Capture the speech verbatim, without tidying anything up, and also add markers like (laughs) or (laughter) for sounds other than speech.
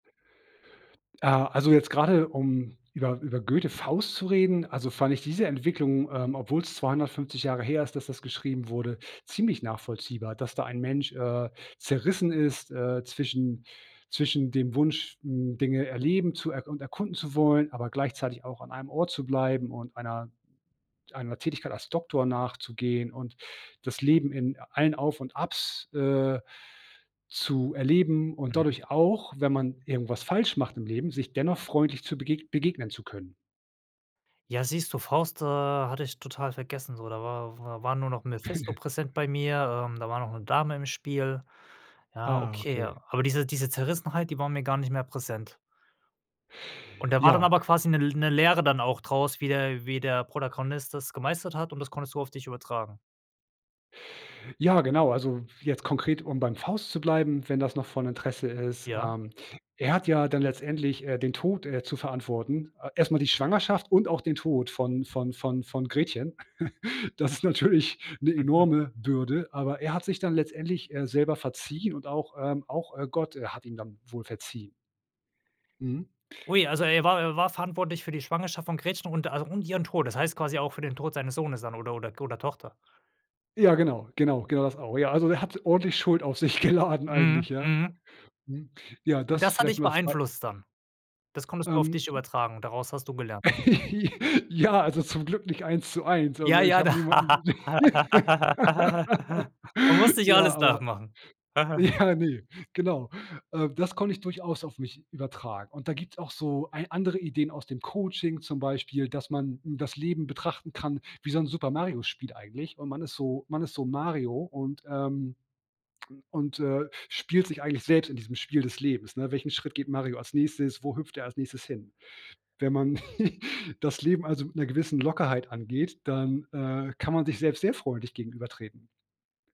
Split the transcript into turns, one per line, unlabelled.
Ah, also jetzt gerade um über über Goethe Faust zu reden, also fand ich diese Entwicklung, ähm, obwohl es zweihundertfünfzig Jahre her ist, dass das geschrieben wurde, ziemlich nachvollziehbar. Dass da ein Mensch, äh, zerrissen ist, äh, zwischen zwischen dem Wunsch, hm, Dinge erleben zu er und erkunden zu wollen, aber gleichzeitig auch an einem Ort zu bleiben und einer einer Tätigkeit als Doktor nachzugehen und das Leben in allen Auf und Abs, äh, zu erleben und
Mhm.
dadurch auch, wenn man irgendwas falsch macht im Leben, sich dennoch freundlich zu begeg begegnen zu können.
Ja, siehst du, Faust, äh, hatte ich total vergessen so. Da war war war nur noch Mephisto
(giggles)
präsent bei mir, ähm, da war noch 'ne Dame im Spiel. Ja,
Ah,
okay,
okay.
ja. Aber diese diese Zerrissenheit, die war mir gar nicht mehr präsent. Und da war dann
Ja.
aber quasi 'ne L 'ne Lehre dann auch draus, wie der wie der Protagonist das gemeistert hat, und das konntest du auf dich übertragen?
Ja, genau, also jetzt konkret, um beim Faust zu bleiben, wenn das noch von Interesse ist,
Ja.
ähm er hat ja dann letztendlich, äh, den Tod, äh, zu verantworten. A erst mal die Schwangerschaft und auch den Tod von von von von Gretchen. (giggles) Das ist natürlich 'ne
Mhm.
enorme Bürde, aber er hat sich dann letztendlich, äh, selber verziehen und auch, ähm auch, äh, Gott hat ihm dann wohl verziehen. Mhm.
Ui, also er war er war verantwortlich für die Schwangerschaft von Gretchen und also und ihren Tod. Das heißt quasi auch für den Tod seines Sohnes dann oder oder k oder Tochter?
Ja genau, genau, genau, das auch. Ja, also er hat ordentlich Schuld auf sich geladen eigentlich,
Mhm.
ja,
Mhm.
mhm, ja,
Und
das
das hat
vielleicht
dich
mal als Bei
beeinflusst dann? Das konntest du auf
Ähm,
dich
die
übertragen? Daraus hast du gelernt?
(laughs) Ja, also zum Glück nicht eins zu eins also,
Ja,
ich
ja,
habe
da
niemanden
(laughs) Man muss
(laughs)
nicht
Ja,
alles
aber
nachmachen. (giggles)
ja, ne, genau. Äh, das konnte ich durchaus auf mich übertragen, und da gibt's auch so ei andere Ideen aus dem Coaching zum Beispiel, dass man das Leben betrachten kann wie so 'n Super Mario-Spiel eigentlich, und man ist so man ist so Mario und, ähm, (smacks lips) und, äh, spielt sich eigentlich selbst in diesem Spiel des Lebens, ne? Welchen Schritt geht Mario als nächstes? Wo hüpft er als nächstes hin? Wenn man (giggles) das Leben also mit 'ner gewissen Lockerheit angeht, dann, äh, kann man sich selbst sehr freundlich gegenübertreten.